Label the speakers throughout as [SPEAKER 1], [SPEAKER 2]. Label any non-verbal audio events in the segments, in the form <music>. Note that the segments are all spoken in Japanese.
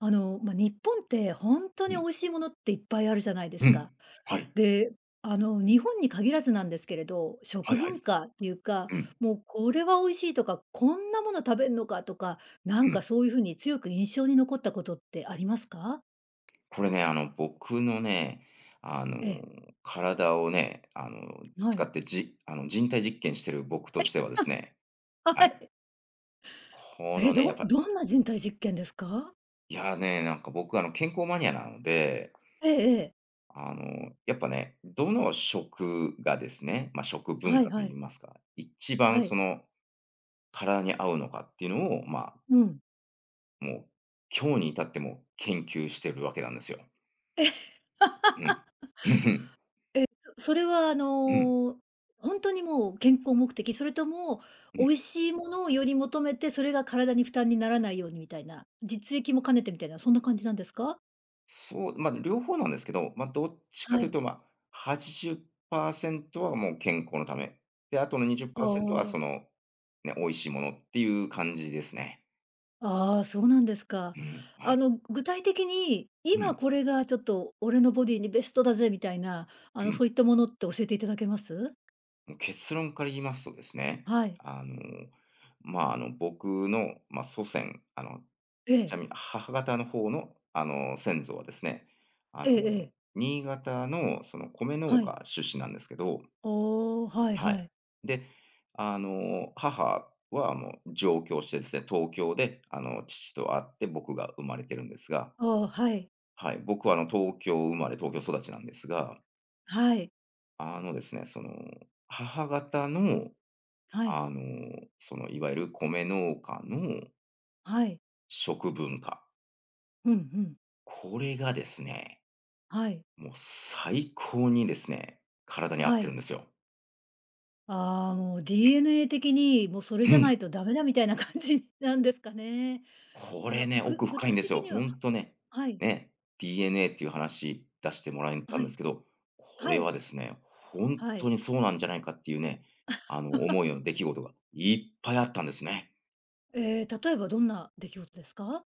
[SPEAKER 1] あの、ま、日本ってほんと
[SPEAKER 2] う
[SPEAKER 1] に美
[SPEAKER 2] ん。
[SPEAKER 1] 味しいものっていっぱいあるじゃないで
[SPEAKER 2] う
[SPEAKER 1] す
[SPEAKER 2] ん、
[SPEAKER 1] か。
[SPEAKER 2] はい。
[SPEAKER 1] で、あの日本に限らずなんですけれど、
[SPEAKER 2] は
[SPEAKER 1] 食
[SPEAKER 2] いは
[SPEAKER 1] 文
[SPEAKER 2] い。
[SPEAKER 1] 化っていうか、
[SPEAKER 2] うん。
[SPEAKER 1] もうこれは美味しいとか、こんなもの食べんのかとか、な
[SPEAKER 2] う
[SPEAKER 1] ん
[SPEAKER 2] ん。
[SPEAKER 1] かそういうふうに強く印象に残ったことってありますか？
[SPEAKER 2] これね、あの、僕のね、あの、
[SPEAKER 1] ええ。
[SPEAKER 2] 体をね、あの、
[SPEAKER 1] は
[SPEAKER 2] 使
[SPEAKER 1] い。
[SPEAKER 2] ってじあの、人体実験してる僕と
[SPEAKER 1] え？
[SPEAKER 2] してはですね、
[SPEAKER 1] あ！
[SPEAKER 2] は
[SPEAKER 1] は
[SPEAKER 2] い。
[SPEAKER 1] い。
[SPEAKER 2] この
[SPEAKER 1] え？
[SPEAKER 2] ね、やっ
[SPEAKER 1] ど
[SPEAKER 2] ぱ
[SPEAKER 1] どんな人体実験ですか？
[SPEAKER 2] いやね、なんか僕あの、健康マニアなので、
[SPEAKER 1] ええええ。
[SPEAKER 2] あの、やっぱねどの食がですね、ま、食文
[SPEAKER 1] はい
[SPEAKER 2] 化と
[SPEAKER 1] は
[SPEAKER 2] 言い
[SPEAKER 1] い。
[SPEAKER 2] ますか、一
[SPEAKER 1] は
[SPEAKER 2] 番そ
[SPEAKER 1] い。
[SPEAKER 2] の、体に合うのかっていうのを、まあ
[SPEAKER 1] うん。
[SPEAKER 2] もう、今日に至っても研究してるわけなんですよ。
[SPEAKER 1] え！
[SPEAKER 2] うん。
[SPEAKER 1] <laughs>
[SPEAKER 2] うんうん。
[SPEAKER 1] え、そそれはあ
[SPEAKER 2] うん。
[SPEAKER 1] の、ほんとにもう健康目的？それとも、
[SPEAKER 2] うん。
[SPEAKER 1] 美味しいものをより求めて、それが体に負担にならないようにみたいな、実益も兼ねてみたいなそんな感じなんですか？
[SPEAKER 2] そう、ま、両方なんですけど、ま、どっちかと
[SPEAKER 1] は
[SPEAKER 2] 言う
[SPEAKER 1] い。
[SPEAKER 2] とま、80%はもう健康のため、で、後のにじゅっ
[SPEAKER 1] あ
[SPEAKER 2] パーセントはそ
[SPEAKER 1] あ。
[SPEAKER 2] のね、美味しいものっていう感じですね。
[SPEAKER 1] ああ、そうなんですか。
[SPEAKER 2] うん、は
[SPEAKER 1] あ
[SPEAKER 2] い。
[SPEAKER 1] の、具体的に、
[SPEAKER 2] う
[SPEAKER 1] 今
[SPEAKER 2] ん。
[SPEAKER 1] これがちょっと俺のボディにベストだぜみたいな、あ
[SPEAKER 2] う
[SPEAKER 1] の、
[SPEAKER 2] ん。
[SPEAKER 1] そういったものって教えていただけます？
[SPEAKER 2] も、結論から言いますとですね、
[SPEAKER 1] はい。
[SPEAKER 2] あの、ま、あの、僕のま、祖先、あの、
[SPEAKER 1] え
[SPEAKER 2] ち
[SPEAKER 1] え。
[SPEAKER 2] なみに、母方の方のあの、先祖はですね、あ
[SPEAKER 1] え
[SPEAKER 2] の、
[SPEAKER 1] えええ。
[SPEAKER 2] 新潟のその、米農
[SPEAKER 1] はい。
[SPEAKER 2] 家出身なんですけど
[SPEAKER 1] おお、はい
[SPEAKER 2] はい。
[SPEAKER 1] はい。
[SPEAKER 2] で、あの母はもう上京してですね、東京であの、父と会って僕が生まれてるんですが
[SPEAKER 1] ああ、はい。
[SPEAKER 2] はい、僕はあの、東京生まれ東京育ちなんですが
[SPEAKER 1] はい。
[SPEAKER 2] あのですね、その、母方の、
[SPEAKER 1] はい。
[SPEAKER 2] あの、そのいわゆる米農家の
[SPEAKER 1] はい。
[SPEAKER 2] 食文化。
[SPEAKER 1] うん、ふん。
[SPEAKER 2] これがですね、
[SPEAKER 1] はい。
[SPEAKER 2] もう最高にですね、体に合っ
[SPEAKER 1] は
[SPEAKER 2] てるん
[SPEAKER 1] い。
[SPEAKER 2] ですよ。
[SPEAKER 1] ああ、もう
[SPEAKER 2] <unintelligible>
[SPEAKER 1] DNA 的に、もうそれ
[SPEAKER 2] う
[SPEAKER 1] じゃな
[SPEAKER 2] ん。
[SPEAKER 1] いとダメだみたいな感じなんですかね？
[SPEAKER 2] こ
[SPEAKER 1] あ
[SPEAKER 2] れ
[SPEAKER 1] の、
[SPEAKER 2] ね、
[SPEAKER 1] ぐ
[SPEAKER 2] 奥
[SPEAKER 1] 具
[SPEAKER 2] 深いん
[SPEAKER 1] 体
[SPEAKER 2] です
[SPEAKER 1] 的
[SPEAKER 2] よ、
[SPEAKER 1] に
[SPEAKER 2] ほ
[SPEAKER 1] は
[SPEAKER 2] んとね、
[SPEAKER 1] は、はい。
[SPEAKER 2] ね、DNA っていう話出してもらえた
[SPEAKER 1] は
[SPEAKER 2] んで
[SPEAKER 1] い。
[SPEAKER 2] すけど、こ
[SPEAKER 1] は
[SPEAKER 2] れ
[SPEAKER 1] い。
[SPEAKER 2] はですね、ほんっ
[SPEAKER 1] は
[SPEAKER 2] と
[SPEAKER 1] い。
[SPEAKER 2] にそうなんじゃないかっていうね、あの、思
[SPEAKER 1] <laughs>
[SPEAKER 2] うような出来事がいっぱいあったんですね。
[SPEAKER 1] ええ、例えばどんな出来事ですか？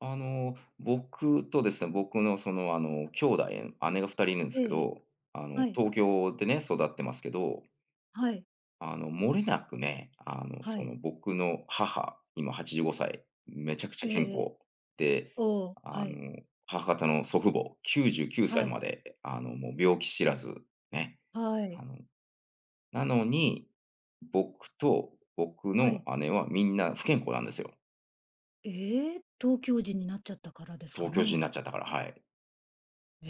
[SPEAKER 2] あの、僕とですね、僕のそのあの、きょうだい、姉が2人いるんす
[SPEAKER 1] ええ
[SPEAKER 2] け
[SPEAKER 1] ええ、
[SPEAKER 2] ど、あの
[SPEAKER 1] はい。
[SPEAKER 2] 東京でね、育ってますけど
[SPEAKER 1] はい。
[SPEAKER 2] あの、もれなくね、あの、
[SPEAKER 1] は
[SPEAKER 2] そ
[SPEAKER 1] い。
[SPEAKER 2] の、僕の母、今85歳めちゃくちゃ
[SPEAKER 1] ええ
[SPEAKER 2] 健
[SPEAKER 1] ええ。
[SPEAKER 2] 康。で、
[SPEAKER 1] おお、
[SPEAKER 2] あ
[SPEAKER 1] はい。
[SPEAKER 2] の、母方の祖父母、99歳
[SPEAKER 1] はい。
[SPEAKER 2] まであの、もう病気知らず、ね、
[SPEAKER 1] は
[SPEAKER 2] あ
[SPEAKER 1] い。
[SPEAKER 2] の、なのに、僕と僕
[SPEAKER 1] は
[SPEAKER 2] の
[SPEAKER 1] い。
[SPEAKER 2] 姉はみんな不健康なんですよ。
[SPEAKER 1] ええ？東京人になっちゃったからですか
[SPEAKER 2] 東京人
[SPEAKER 1] ね？
[SPEAKER 2] なっちゃったから、はい。
[SPEAKER 1] え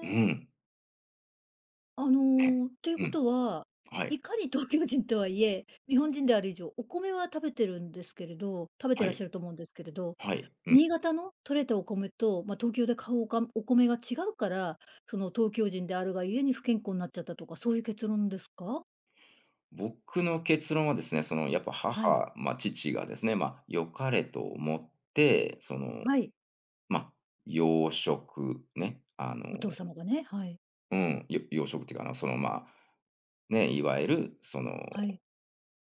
[SPEAKER 2] うん。
[SPEAKER 1] あ
[SPEAKER 2] ね。
[SPEAKER 1] の、ていう
[SPEAKER 2] う
[SPEAKER 1] こ
[SPEAKER 2] ん。
[SPEAKER 1] とは、
[SPEAKER 2] はい。
[SPEAKER 1] いかに東京 <chuckles> 人とはいえ、日本人である以上お米は食べてるんですけれど食べて
[SPEAKER 2] は
[SPEAKER 1] らっ
[SPEAKER 2] い。
[SPEAKER 1] しゃると思うんですけれど、
[SPEAKER 2] はい、うん。
[SPEAKER 1] 新潟の取れたお米と、ま東京で買うおか、お米が違うから、その、東京人であるが故に不健康になっちゃったとかそういう結論ですか？
[SPEAKER 2] 僕の結論はですね、そのやっぱ
[SPEAKER 1] はい。
[SPEAKER 2] 母ま、父がですね、ま、良かれと思って、その、
[SPEAKER 1] はい。
[SPEAKER 2] ま、洋食ね、あの、
[SPEAKER 1] お父様がね、はい。
[SPEAKER 2] うん、よ洋食っていうかあの、そのまあ、ね、いわゆるその、
[SPEAKER 1] はい。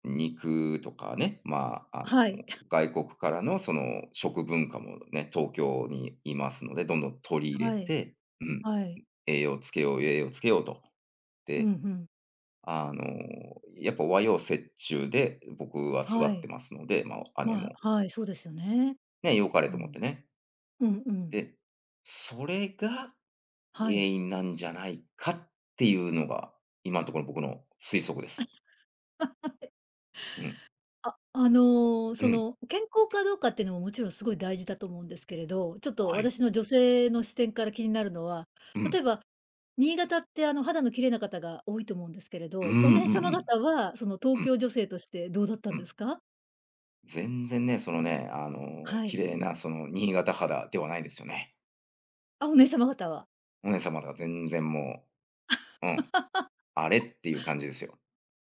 [SPEAKER 2] 肉とかね、まあ、あの、
[SPEAKER 1] はい。<clears throat>
[SPEAKER 2] 外国からのその食文化もね、東京にいますので、どんどん取り入れ
[SPEAKER 1] はい。
[SPEAKER 2] て、うん、ん、
[SPEAKER 1] はい。
[SPEAKER 2] 栄養つけよう、栄養つけようと。
[SPEAKER 1] う
[SPEAKER 2] で、
[SPEAKER 1] ん、ふん。
[SPEAKER 2] あの、やっぱ和洋折衷で僕は育
[SPEAKER 1] は
[SPEAKER 2] って
[SPEAKER 1] い。
[SPEAKER 2] ますので、まあ、姉
[SPEAKER 1] ま、は
[SPEAKER 2] も
[SPEAKER 1] はい、そうですよね。
[SPEAKER 2] ね、良かれ
[SPEAKER 1] う
[SPEAKER 2] と思っ
[SPEAKER 1] ん。
[SPEAKER 2] てね。
[SPEAKER 1] うんうん。
[SPEAKER 2] で、それが
[SPEAKER 1] は
[SPEAKER 2] 原
[SPEAKER 1] い。
[SPEAKER 2] 因なんじゃないかっていうのが、今んとこの僕の推測です。
[SPEAKER 1] <laughs> はい。
[SPEAKER 2] うん。
[SPEAKER 1] あ、あの、
[SPEAKER 2] う
[SPEAKER 1] そ
[SPEAKER 2] ん。
[SPEAKER 1] の、健康かどうかっていうのももちろんすごい大事だと思うんですけれど、ちょっと
[SPEAKER 2] はい。
[SPEAKER 1] 私の女性の視点から気になるのは、
[SPEAKER 2] う
[SPEAKER 1] 例
[SPEAKER 2] ん。
[SPEAKER 1] えば、新潟ってあの、肌の綺麗な方が多いと思うんですけれ
[SPEAKER 2] うん、う
[SPEAKER 1] ど、お
[SPEAKER 2] ん
[SPEAKER 1] 姉
[SPEAKER 2] う
[SPEAKER 1] 様
[SPEAKER 2] ん。
[SPEAKER 1] 方はその、東
[SPEAKER 2] うん。
[SPEAKER 1] 京女性としてどうだった
[SPEAKER 2] う
[SPEAKER 1] んで
[SPEAKER 2] ん。
[SPEAKER 1] すか？
[SPEAKER 2] 全然ね、そのね、あの、
[SPEAKER 1] は
[SPEAKER 2] 綺
[SPEAKER 1] い。
[SPEAKER 2] 麗なその新潟肌ではないですよね。
[SPEAKER 1] あ、お姉様方は。
[SPEAKER 2] お姉様が全然もう、うん、
[SPEAKER 1] <laughs>
[SPEAKER 2] あれ？っていう感じですよ。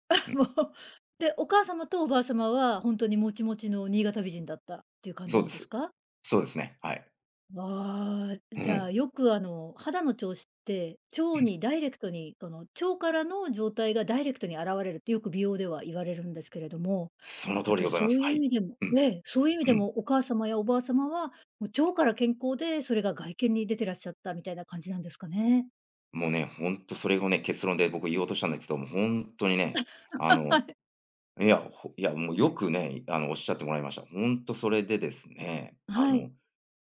[SPEAKER 1] あ、
[SPEAKER 2] うん。
[SPEAKER 1] もう。で、お母様とおばあ様はほんとにもちもちの新潟美人だったっていう感じ
[SPEAKER 2] そう
[SPEAKER 1] な
[SPEAKER 2] で
[SPEAKER 1] んです
[SPEAKER 2] す。
[SPEAKER 1] か？
[SPEAKER 2] そうですね、はい。
[SPEAKER 1] わあ、
[SPEAKER 2] う
[SPEAKER 1] じゃ
[SPEAKER 2] ん。
[SPEAKER 1] あよくあの、肌の調子って腸
[SPEAKER 2] <clears throat>
[SPEAKER 1] にダイレクトに、その、腸からの状態がダイレクトに現れるってよく美容では言われるんですけれども、
[SPEAKER 2] その通
[SPEAKER 1] やっ
[SPEAKER 2] りで
[SPEAKER 1] ぱり
[SPEAKER 2] ございま
[SPEAKER 1] そ
[SPEAKER 2] す。
[SPEAKER 1] うい
[SPEAKER 2] は
[SPEAKER 1] う意
[SPEAKER 2] い。
[SPEAKER 1] 味でも
[SPEAKER 2] うん。
[SPEAKER 1] ね、そういう意味
[SPEAKER 2] う
[SPEAKER 1] で
[SPEAKER 2] ん。
[SPEAKER 1] もお母様やおばあ様は、もう腸から健康でそれが外見に出てらっしゃったみたいな感じなんですかね。
[SPEAKER 2] もうね、ほんとそれをね、結論で僕言おうとしたんですけど、ほんとにね、あの、
[SPEAKER 1] はい。
[SPEAKER 2] いや、ほいやもうよくね、い、あの、おっしゃってもらいました。ほんとそれでですね、あ
[SPEAKER 1] はい。
[SPEAKER 2] の、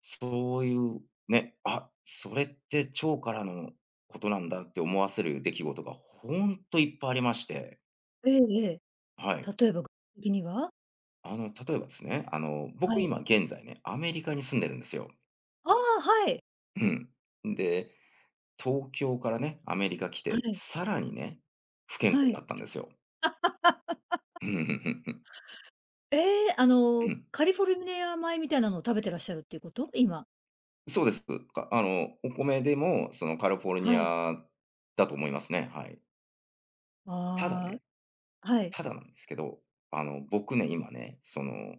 [SPEAKER 2] そういうね、「あ、それって腸からのことなんだ」って思わせる出来事がほんといっぱいありまして。
[SPEAKER 1] ええ、ええ、
[SPEAKER 2] はい。
[SPEAKER 1] 例えばぐ、てきには？
[SPEAKER 2] あの、例えばですね、あの、
[SPEAKER 1] は
[SPEAKER 2] 僕
[SPEAKER 1] い。
[SPEAKER 2] 今現在ね、アメリカに住んでるんですよ。
[SPEAKER 1] ああ、はい。
[SPEAKER 2] うん。んで、東京からねアメリカ来
[SPEAKER 1] は
[SPEAKER 2] て、
[SPEAKER 1] い。
[SPEAKER 2] さらにね不健康
[SPEAKER 1] は
[SPEAKER 2] にな
[SPEAKER 1] い。
[SPEAKER 2] ったんですよ。
[SPEAKER 1] <laughs>
[SPEAKER 2] うん、ふんふんふん。
[SPEAKER 1] ええ、あ
[SPEAKER 2] う
[SPEAKER 1] の、
[SPEAKER 2] ん。
[SPEAKER 1] カリフォルニア米みたいなのを食べてらっしゃるっていうこと？今。
[SPEAKER 2] そうです。かあの、お米でもその、カリフォルニ
[SPEAKER 1] はい。
[SPEAKER 2] アだと思いますね、はい。ただ
[SPEAKER 1] あ
[SPEAKER 2] ね、
[SPEAKER 1] あ、はい。
[SPEAKER 2] ただなんですけど、あの、僕ね今ね、その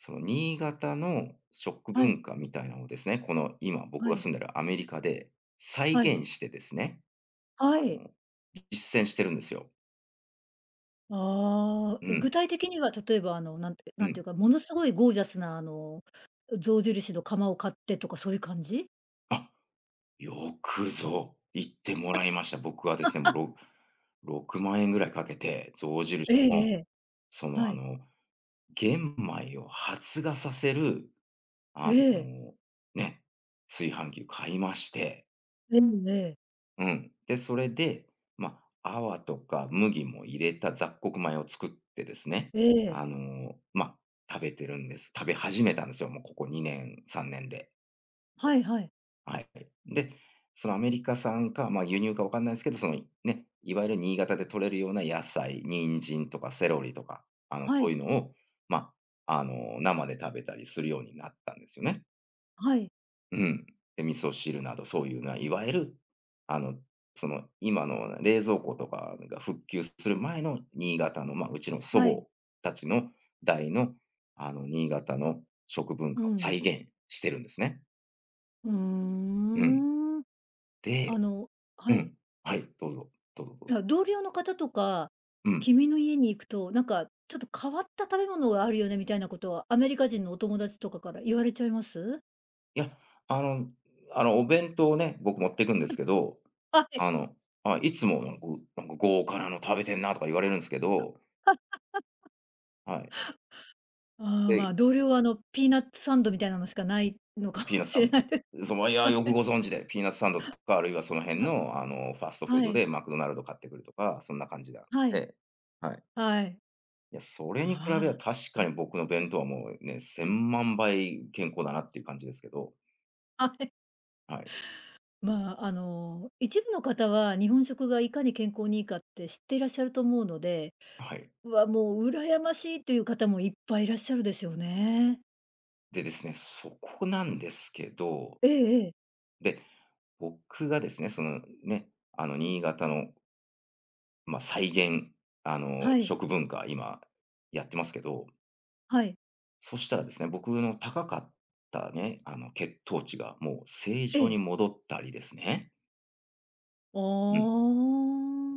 [SPEAKER 2] その、新潟の食
[SPEAKER 1] はい。
[SPEAKER 2] 文化みたいのをですね、この、今僕
[SPEAKER 1] は
[SPEAKER 2] が
[SPEAKER 1] い。
[SPEAKER 2] 住んでるアメリカで再
[SPEAKER 1] はい。
[SPEAKER 2] 現してですね。
[SPEAKER 1] は
[SPEAKER 2] あ
[SPEAKER 1] い。
[SPEAKER 2] の、実践してるんですよ。
[SPEAKER 1] ああ、
[SPEAKER 2] う
[SPEAKER 1] え、
[SPEAKER 2] ん。
[SPEAKER 1] 具体的には例えばあの、なんて
[SPEAKER 2] う
[SPEAKER 1] なんてい
[SPEAKER 2] ん。
[SPEAKER 1] うか、ものすごいゴージャスなあの、象印の窯を買ってとかそういう感じ？
[SPEAKER 2] あ。よくぞ言っても
[SPEAKER 1] あ。
[SPEAKER 2] らいました。僕はですね、も
[SPEAKER 1] <laughs>
[SPEAKER 2] う、ろ6万円ぐらいかけて象印
[SPEAKER 1] ええ
[SPEAKER 2] の、
[SPEAKER 1] ええ。
[SPEAKER 2] その
[SPEAKER 1] は
[SPEAKER 2] あ
[SPEAKER 1] い。
[SPEAKER 2] の、玄米を発芽させる、
[SPEAKER 1] え
[SPEAKER 2] あ
[SPEAKER 1] え。
[SPEAKER 2] の、ね、炊飯器買いまして
[SPEAKER 1] でもね
[SPEAKER 2] うん。で、それで、まあ、粟とか麦も入れた雑穀米を作ってですね、
[SPEAKER 1] ええ。
[SPEAKER 2] あの、ま、食べてるんです。食べ始めたんですよ、もうここ2年、3年で。
[SPEAKER 1] はいはい。
[SPEAKER 2] はいはい。で、その、アメリカ産か、まあ、輸入か分かんないんすけど、その、ね、いわゆる新潟で取れるような野菜、人参とかセロリとかあの、
[SPEAKER 1] は
[SPEAKER 2] そう
[SPEAKER 1] い。
[SPEAKER 2] いうのを、まあ、あの、生で食べたりするようになったんですよね。
[SPEAKER 1] はい。
[SPEAKER 2] うん。で、味噌汁などそういうな、いわゆる、あの、その、今の冷蔵庫とかが、ふっきゅうする前の新潟の、ま、うちの祖
[SPEAKER 1] はい。
[SPEAKER 2] 母達の代の、あの、新潟の食文
[SPEAKER 1] う
[SPEAKER 2] 化を再
[SPEAKER 1] ん。
[SPEAKER 2] 現してるんですね。
[SPEAKER 1] うー
[SPEAKER 2] うん。
[SPEAKER 1] ん。あ
[SPEAKER 2] で
[SPEAKER 1] の、
[SPEAKER 2] う
[SPEAKER 1] はい。
[SPEAKER 2] ん。はい。どうぞ、どうぞどう
[SPEAKER 1] い
[SPEAKER 2] ぞ。
[SPEAKER 1] や、同僚の方とか、
[SPEAKER 2] うん。
[SPEAKER 1] 「君の家に行くと、なんかちょっと変わった食べ物があるよね」みたいなことは、アメリカ人のお友達とかから言われちゃいます？
[SPEAKER 2] いや、あの、あの、お弁当をね、僕持ってくんで
[SPEAKER 1] う
[SPEAKER 2] す
[SPEAKER 1] ん、
[SPEAKER 2] けど、
[SPEAKER 1] は
[SPEAKER 2] あ
[SPEAKER 1] い。
[SPEAKER 2] の、ま、いつもなんぐ「なんか、豪華なの食べてんな」とか言われるんすけど
[SPEAKER 1] <laughs>
[SPEAKER 2] はい。
[SPEAKER 1] ああ、
[SPEAKER 2] で、
[SPEAKER 1] まあ、
[SPEAKER 2] い
[SPEAKER 1] 同僚はあの、ピーナッツサンドみたいなのしかないのか
[SPEAKER 2] ピーナッ
[SPEAKER 1] も
[SPEAKER 2] ツサ
[SPEAKER 1] しれ
[SPEAKER 2] ン
[SPEAKER 1] ないで
[SPEAKER 2] そ、ま、いや
[SPEAKER 1] は
[SPEAKER 2] よく
[SPEAKER 1] い。
[SPEAKER 2] ご存知で。ピーナッツサンドとか、あるいはその辺
[SPEAKER 1] あ。
[SPEAKER 2] のあの、ファーストフー
[SPEAKER 1] は
[SPEAKER 2] ド
[SPEAKER 1] い。
[SPEAKER 2] でマクドナルド買ってくるとか、そんな感じであっ
[SPEAKER 1] はい。
[SPEAKER 2] て、はい。
[SPEAKER 1] はい。
[SPEAKER 2] いやそれ
[SPEAKER 1] あ
[SPEAKER 2] に比べりゃ確
[SPEAKER 1] あ、
[SPEAKER 2] か
[SPEAKER 1] はい。
[SPEAKER 2] に僕の弁当はもうね、千万倍健康だなっていう感じですけど。
[SPEAKER 1] はい
[SPEAKER 2] はい。
[SPEAKER 1] まあ、あの、一部の方は日本食がいかに健康にいいかって知っていらっしゃると思うので、
[SPEAKER 2] はい。
[SPEAKER 1] 「わあ、もう羨ましい！」という方もいっぱいいらっしゃるでしょうね。
[SPEAKER 2] で、ですね、そこなんですけど、
[SPEAKER 1] ええええ。
[SPEAKER 2] で、僕がですね、そのね、あの、新潟のまあ、再現あの、
[SPEAKER 1] はい。
[SPEAKER 2] 食文化今やってますけど
[SPEAKER 1] はい。
[SPEAKER 2] そしたらですね、僕の高かったね、あの、血糖値がもう正
[SPEAKER 1] え
[SPEAKER 2] 常
[SPEAKER 1] え。
[SPEAKER 2] に戻ったりですね
[SPEAKER 1] あー
[SPEAKER 2] うん。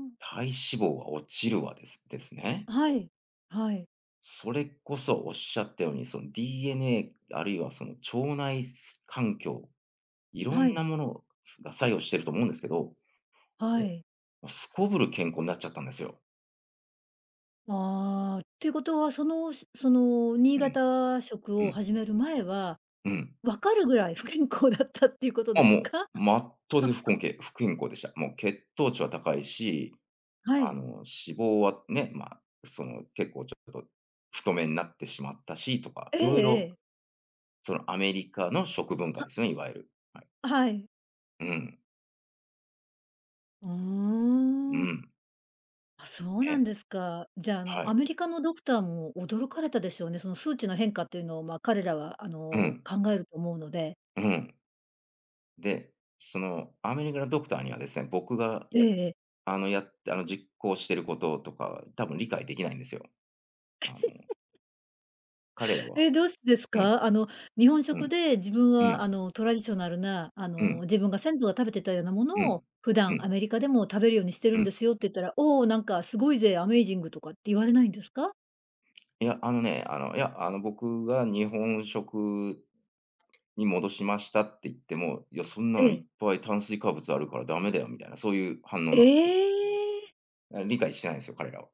[SPEAKER 1] ん。
[SPEAKER 2] 体脂肪は落ちるわですですね。
[SPEAKER 1] はい、はい。
[SPEAKER 2] それこそおっしゃったように、その DNA あるいはその腸内、す、環境、色ん
[SPEAKER 1] はい。
[SPEAKER 2] なもの、す、が、作用していると思うんですけど、
[SPEAKER 1] はい。
[SPEAKER 2] すこぶる健康なっちゃったんですよ。
[SPEAKER 1] ああ、っていうことは、そのそその新
[SPEAKER 2] うん。
[SPEAKER 1] 潟食
[SPEAKER 2] う
[SPEAKER 1] を
[SPEAKER 2] ん。
[SPEAKER 1] 始める前は、
[SPEAKER 2] うん。
[SPEAKER 1] 分かるぐらい不健康だったっていうことで
[SPEAKER 2] あ、
[SPEAKER 1] す
[SPEAKER 2] もう、
[SPEAKER 1] か？
[SPEAKER 2] まっとでふこ
[SPEAKER 1] <laughs>
[SPEAKER 2] んけい、不健康でした。もう血糖値は高いし、
[SPEAKER 1] は
[SPEAKER 2] あ
[SPEAKER 1] い。
[SPEAKER 2] の、脂肪はね、まあ、その結構ちょっと太めになってしまったしとか、
[SPEAKER 1] え
[SPEAKER 2] 色
[SPEAKER 1] え
[SPEAKER 2] 々
[SPEAKER 1] ええ。
[SPEAKER 2] そのアメリカの食文化で
[SPEAKER 1] は
[SPEAKER 2] すね、いわゆる。はい。
[SPEAKER 1] はい。
[SPEAKER 2] うん。
[SPEAKER 1] う
[SPEAKER 2] う
[SPEAKER 1] ーん。
[SPEAKER 2] ん。
[SPEAKER 1] あ、そうなん
[SPEAKER 2] ね。
[SPEAKER 1] ですか。じゃあ、あ
[SPEAKER 2] は
[SPEAKER 1] の、ア
[SPEAKER 2] い。
[SPEAKER 1] メリカのドクターも驚かれたでしょうね、その、数値の変化っていうのを、ま、彼らは、あ
[SPEAKER 2] う
[SPEAKER 1] の、
[SPEAKER 2] ん。
[SPEAKER 1] 考えると思うので。
[SPEAKER 2] うん。で、その、アメリカのドクターにはですね、僕が、
[SPEAKER 1] え
[SPEAKER 2] や、
[SPEAKER 1] えええ。
[SPEAKER 2] あの、や、あの、実行していることとかは多分理解できないんですよ。あの
[SPEAKER 1] <laughs>
[SPEAKER 2] 彼らは
[SPEAKER 1] え、どうしてです
[SPEAKER 2] うん。
[SPEAKER 1] か？あの、日本
[SPEAKER 2] う
[SPEAKER 1] 食
[SPEAKER 2] ん。
[SPEAKER 1] で自分
[SPEAKER 2] う
[SPEAKER 1] は、
[SPEAKER 2] ん。
[SPEAKER 1] あの、トラディショナルな、あ
[SPEAKER 2] う
[SPEAKER 1] の、
[SPEAKER 2] ん。
[SPEAKER 1] 自分が先祖が食べてたようなも
[SPEAKER 2] う
[SPEAKER 1] の
[SPEAKER 2] ん。
[SPEAKER 1] を普
[SPEAKER 2] う
[SPEAKER 1] 段、ア
[SPEAKER 2] ん。
[SPEAKER 1] メリカでも食べるようにしてる
[SPEAKER 2] う
[SPEAKER 1] ん
[SPEAKER 2] ん。
[SPEAKER 1] ですよって言ったら、「おお！なんかすごいぜアメイジング」とかって言われないんですか？
[SPEAKER 2] いや、あのね、あの、いや、あの、僕が「日本食に戻しました」って言っても、「いや、そんな
[SPEAKER 1] え
[SPEAKER 2] のいっ
[SPEAKER 1] え。
[SPEAKER 2] ぱい炭水化物あるからダメだよ」みたいな、そういう反応な
[SPEAKER 1] え
[SPEAKER 2] んす。
[SPEAKER 1] え！
[SPEAKER 2] いや、理解してないんすよ、彼らは。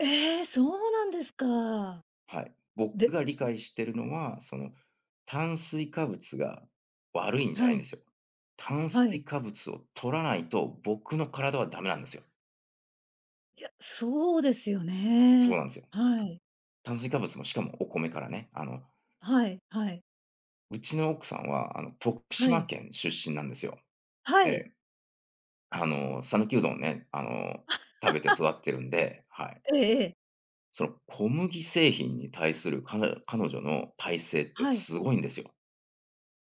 [SPEAKER 1] ええ！そうなんですか。
[SPEAKER 2] はい。
[SPEAKER 1] で
[SPEAKER 2] 僕
[SPEAKER 1] ん
[SPEAKER 2] が理解してるのは、その、炭水化物が悪いんじゃ
[SPEAKER 1] は
[SPEAKER 2] ないんで
[SPEAKER 1] い。
[SPEAKER 2] すよ。炭
[SPEAKER 1] はい。
[SPEAKER 2] 水化物を取らないと僕の体は駄目なんですよ。
[SPEAKER 1] いや、そうですよ
[SPEAKER 2] そう
[SPEAKER 1] ね。
[SPEAKER 2] なんすよ。うん。
[SPEAKER 1] はい。
[SPEAKER 2] 炭水化物も、しかもお米からね、あの
[SPEAKER 1] はいはい。
[SPEAKER 2] うちの奥さんは、あの、徳
[SPEAKER 1] は
[SPEAKER 2] 島
[SPEAKER 1] い。
[SPEAKER 2] 県出身なんですよ。
[SPEAKER 1] は
[SPEAKER 2] え
[SPEAKER 1] い。
[SPEAKER 2] え。あの、讃岐うどんをね、あの、食べて
[SPEAKER 1] <laughs>
[SPEAKER 2] 育ってるんで、はい。
[SPEAKER 1] ええええ。
[SPEAKER 2] その、小麦製品に対する彼ら彼女の耐性って
[SPEAKER 1] はい。
[SPEAKER 2] 凄いんですよ。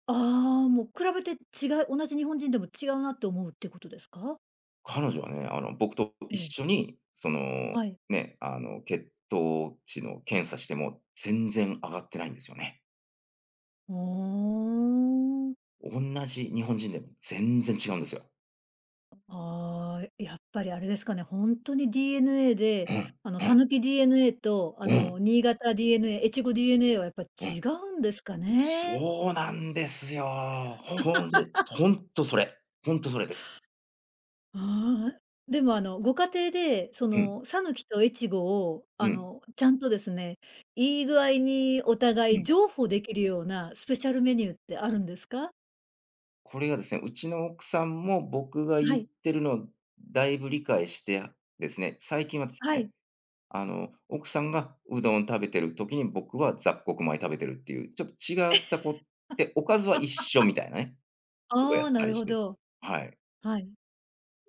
[SPEAKER 1] ああ、もう比べて違う、同じ日本人でも違うなって思うってことですか？
[SPEAKER 2] 彼女はね、あの、僕と
[SPEAKER 1] え
[SPEAKER 2] 一
[SPEAKER 1] え。
[SPEAKER 2] 緒に、その、
[SPEAKER 1] はい。
[SPEAKER 2] ね、あの、血糖値の検査しても全然上がってないんですよね。
[SPEAKER 1] ああ。
[SPEAKER 2] おんなじ日本人でも全然違うんですよ。
[SPEAKER 1] ああ、いやっぱり、あれですかね。ほんとに DNA で、
[SPEAKER 2] うん、
[SPEAKER 1] あの、
[SPEAKER 2] うん。
[SPEAKER 1] 讃岐 DNA と、あ
[SPEAKER 2] う
[SPEAKER 1] の、
[SPEAKER 2] ん。
[SPEAKER 1] 新潟 DNA、越後 DNA はやっぱ
[SPEAKER 2] う
[SPEAKER 1] 違
[SPEAKER 2] ん。
[SPEAKER 1] うんですかね。
[SPEAKER 2] そうなんですよ。ほんで、
[SPEAKER 1] <laughs>
[SPEAKER 2] ほんとそれ。ほんとそれです。
[SPEAKER 1] ああ、でもあの、ご家庭で、そ
[SPEAKER 2] うん。
[SPEAKER 1] の、讃岐と越後を、
[SPEAKER 2] う
[SPEAKER 1] あ
[SPEAKER 2] ん。
[SPEAKER 1] の、ちゃんとですね。いい具合にお
[SPEAKER 2] う
[SPEAKER 1] 互い
[SPEAKER 2] ん。
[SPEAKER 1] 譲歩できるようなスペシャルメニューってあるんですか？
[SPEAKER 2] これがですね、うちの奥さんも僕が
[SPEAKER 1] は
[SPEAKER 2] 言っ
[SPEAKER 1] い。
[SPEAKER 2] てるのをだいぶ理解して、ですね、最近はです
[SPEAKER 1] はい。
[SPEAKER 2] ね、あの、奥さんがうどん食べてる時に僕は雑穀米食べてるっていう、ちょっと
[SPEAKER 1] え。
[SPEAKER 2] 違ったこで、おかずは一緒
[SPEAKER 1] <laughs>
[SPEAKER 2] みたいなね、ことや
[SPEAKER 1] あ
[SPEAKER 2] っ
[SPEAKER 1] あ、な
[SPEAKER 2] た
[SPEAKER 1] る
[SPEAKER 2] りし
[SPEAKER 1] ほ
[SPEAKER 2] て、
[SPEAKER 1] ど。
[SPEAKER 2] はい。
[SPEAKER 1] はい。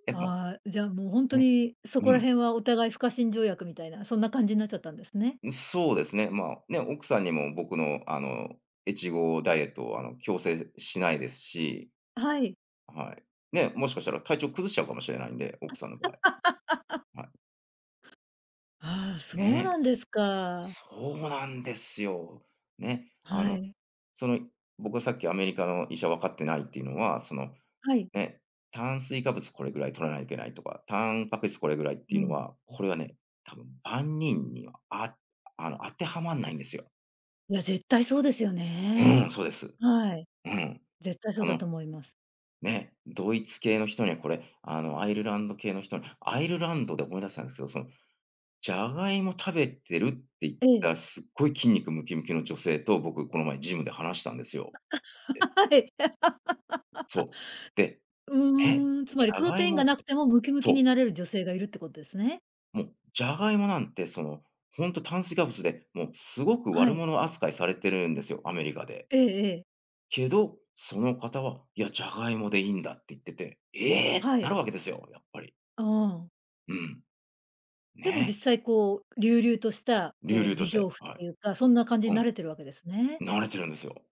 [SPEAKER 2] やっぱ、
[SPEAKER 1] ああ、じゃあもうほんと
[SPEAKER 2] ね。
[SPEAKER 1] に、そこ
[SPEAKER 2] う
[SPEAKER 1] ら
[SPEAKER 2] ん。
[SPEAKER 1] 辺はお互い不可侵条約みたいな、そんな感じんなっちゃったんですね。
[SPEAKER 2] ん、そうですね。まあ、ね、奥さんにも僕の、あの、越後ダイエットをあの、強制しないですし。
[SPEAKER 1] はい。
[SPEAKER 2] はい。ね、もしかしたら体調崩しちゃうかもしれないんで、
[SPEAKER 1] あ、
[SPEAKER 2] 奥
[SPEAKER 1] じゃ
[SPEAKER 2] さんの場合。はい。
[SPEAKER 1] <laughs> ああ、そうな
[SPEAKER 2] ね。
[SPEAKER 1] んですか。
[SPEAKER 2] そうなんですよ。ね、あ
[SPEAKER 1] は
[SPEAKER 2] の、
[SPEAKER 1] い。
[SPEAKER 2] その、僕はさっきアメリカの医者分かってないっていうのは、その、
[SPEAKER 1] はい。
[SPEAKER 2] ね、炭水化物これぐらい取らないけないとか、タンパク質これぐらいって
[SPEAKER 1] う
[SPEAKER 2] いうの
[SPEAKER 1] ん。
[SPEAKER 2] は、これはね、多分万人には、ああの、当てはまんないんですよ。
[SPEAKER 1] いや、絶対そうですよ
[SPEAKER 2] う
[SPEAKER 1] ね。
[SPEAKER 2] ん、そうです。
[SPEAKER 1] はい。
[SPEAKER 2] うん。
[SPEAKER 1] 絶対そう
[SPEAKER 2] そ
[SPEAKER 1] だと
[SPEAKER 2] の、
[SPEAKER 1] 思います。
[SPEAKER 2] ね、ドイツ系の人にはこれ、あのアイルランド系の人にアイルランドで思い出したんですけど、その、ジャガイモ食べてるっていっ
[SPEAKER 1] ええ。
[SPEAKER 2] たすごい筋肉ムキムキの女性と僕この前ジムで話したんですよ。で
[SPEAKER 1] あ、あ。はい。<laughs>
[SPEAKER 2] そう、で、え。
[SPEAKER 1] うーん、つ
[SPEAKER 2] ジ
[SPEAKER 1] まり
[SPEAKER 2] ャ
[SPEAKER 1] プロ
[SPEAKER 2] ガ
[SPEAKER 1] テ
[SPEAKER 2] イ
[SPEAKER 1] インが
[SPEAKER 2] モ
[SPEAKER 1] なくてもムキムキに
[SPEAKER 2] そう。
[SPEAKER 1] なれる女性がいるってことですね。
[SPEAKER 2] もう、ジャガイモなんてその、ほんと炭水化物でもうすごく
[SPEAKER 1] は
[SPEAKER 2] 悪
[SPEAKER 1] い。
[SPEAKER 2] 者扱いされてるんですよ、アメリカで。
[SPEAKER 1] ええええ。
[SPEAKER 2] けど、その方は「いや、ジャガイモでいいんだ」って言ってて、ええって
[SPEAKER 1] は
[SPEAKER 2] な
[SPEAKER 1] い。
[SPEAKER 2] るわけですよ、やっぱり。
[SPEAKER 1] ああ。
[SPEAKER 2] うん。
[SPEAKER 1] でも
[SPEAKER 2] ね。
[SPEAKER 1] 実際こう、隆々とした、
[SPEAKER 2] 隆
[SPEAKER 1] こ
[SPEAKER 2] 々
[SPEAKER 1] う、
[SPEAKER 2] と
[SPEAKER 1] 美
[SPEAKER 2] し
[SPEAKER 1] 丈
[SPEAKER 2] て、
[SPEAKER 1] 夫っ
[SPEAKER 2] は
[SPEAKER 1] ていうか、そんな感じ
[SPEAKER 2] い。
[SPEAKER 1] に
[SPEAKER 2] うん。
[SPEAKER 1] なれてるわけですね。
[SPEAKER 2] なれてるんですよ。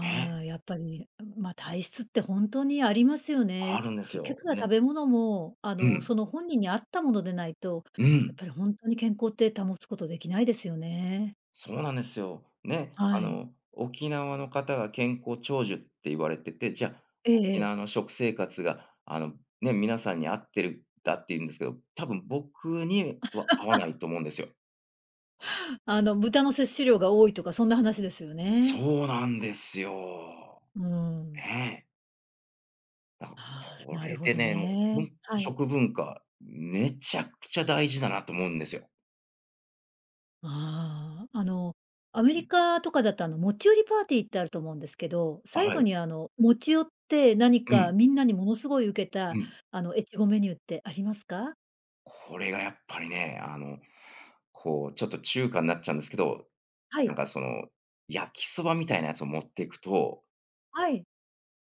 [SPEAKER 2] ね。
[SPEAKER 1] あ、やっぱり、ん、まあ、体質って本当にありますよ
[SPEAKER 2] あ
[SPEAKER 1] ね。
[SPEAKER 2] るんです
[SPEAKER 1] 結
[SPEAKER 2] よ。
[SPEAKER 1] 局は
[SPEAKER 2] ね。
[SPEAKER 1] 食べ物も、あ
[SPEAKER 2] う
[SPEAKER 1] の、そ
[SPEAKER 2] ん。
[SPEAKER 1] の本人に合ったものでないと、
[SPEAKER 2] う
[SPEAKER 1] やっ
[SPEAKER 2] ん。
[SPEAKER 1] ぱりほんとに健康って保つことできないですよね。
[SPEAKER 2] そうなんですよ。ね、
[SPEAKER 1] は
[SPEAKER 2] あ
[SPEAKER 1] い。
[SPEAKER 2] の、沖縄の方が健康長寿って言われてて、じゃあ
[SPEAKER 1] ええ
[SPEAKER 2] 沖
[SPEAKER 1] ええ。
[SPEAKER 2] 縄の食生活が、あの、ね、皆さんに合ってるんだって言うんですけど、多分僕には合わな
[SPEAKER 1] <laughs>
[SPEAKER 2] いと思うんですよ。
[SPEAKER 1] あの豚の摂取量が多いとかそんな話ですよね。
[SPEAKER 2] そうなんですよ。
[SPEAKER 1] うん。
[SPEAKER 2] ね。だ、
[SPEAKER 1] ああ、
[SPEAKER 2] こ
[SPEAKER 1] なる
[SPEAKER 2] れ
[SPEAKER 1] ほ
[SPEAKER 2] で
[SPEAKER 1] ど
[SPEAKER 2] ね、もう、
[SPEAKER 1] ね。
[SPEAKER 2] ほんと、
[SPEAKER 1] はい。
[SPEAKER 2] 食文化、めちゃくちゃ大事だなと思うんですよ。
[SPEAKER 1] ああ、あの、アメリ
[SPEAKER 2] <unintelligible>
[SPEAKER 1] カとかだとあの、持ち寄りパーティーってあると思うんですけど、
[SPEAKER 2] あ、
[SPEAKER 1] 最
[SPEAKER 2] は
[SPEAKER 1] 後
[SPEAKER 2] い。
[SPEAKER 1] にあの、持ち寄って何
[SPEAKER 2] う
[SPEAKER 1] か
[SPEAKER 2] ん。
[SPEAKER 1] みんなにものすごいウケ
[SPEAKER 2] う
[SPEAKER 1] た
[SPEAKER 2] ん。
[SPEAKER 1] あの、越後メニューってありますか？
[SPEAKER 2] これがやっぱりね、あの、こう、ちょっと中華んなっちゃうんですけど、
[SPEAKER 1] は
[SPEAKER 2] なん
[SPEAKER 1] い。
[SPEAKER 2] かその、焼きそばみたいなやつを持っていくと
[SPEAKER 1] はい。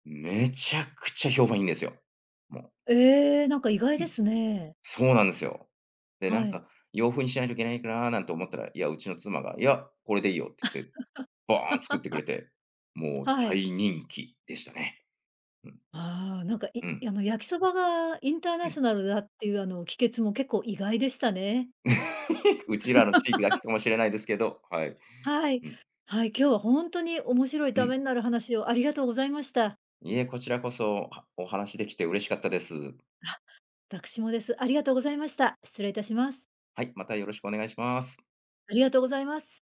[SPEAKER 2] めちゃくちゃ評判いいんですよ、もう。
[SPEAKER 1] ええ、なんか意外
[SPEAKER 2] う
[SPEAKER 1] で
[SPEAKER 2] ん、
[SPEAKER 1] すね。
[SPEAKER 2] そうなんですよ。で、な
[SPEAKER 1] は
[SPEAKER 2] ん
[SPEAKER 1] い。
[SPEAKER 2] か、洋風にしないといけないかな？なんて思ったら、いや、うちの妻が、「いや、これでいいよ」っつっ
[SPEAKER 1] <laughs>
[SPEAKER 2] て、バーン作ってくれて、もう
[SPEAKER 1] はい。
[SPEAKER 2] 大人気でしたね。うん。
[SPEAKER 1] ああ、なんか、
[SPEAKER 2] う
[SPEAKER 1] い
[SPEAKER 2] ん。
[SPEAKER 1] あの、焼きそばがインター
[SPEAKER 2] う
[SPEAKER 1] ナシ
[SPEAKER 2] ん。
[SPEAKER 1] ョナルだっていうあの、帰結も結構意外でしたね。
[SPEAKER 2] <laughs> うちらの地域だけ
[SPEAKER 1] <laughs>
[SPEAKER 2] かもしれないですけど、はい。
[SPEAKER 1] はい。
[SPEAKER 2] うん。
[SPEAKER 1] はい、今日はほんとに面白い
[SPEAKER 2] う
[SPEAKER 1] 為
[SPEAKER 2] ん。
[SPEAKER 1] になる話をありがとうございました。
[SPEAKER 2] いいえ、こちらこそ、はお話しできて嬉しかったです。
[SPEAKER 1] あ、わたくしもです。ありがとうございました。失礼いたします。
[SPEAKER 2] はい、またよろしくお願いします。
[SPEAKER 1] ありがとうございます。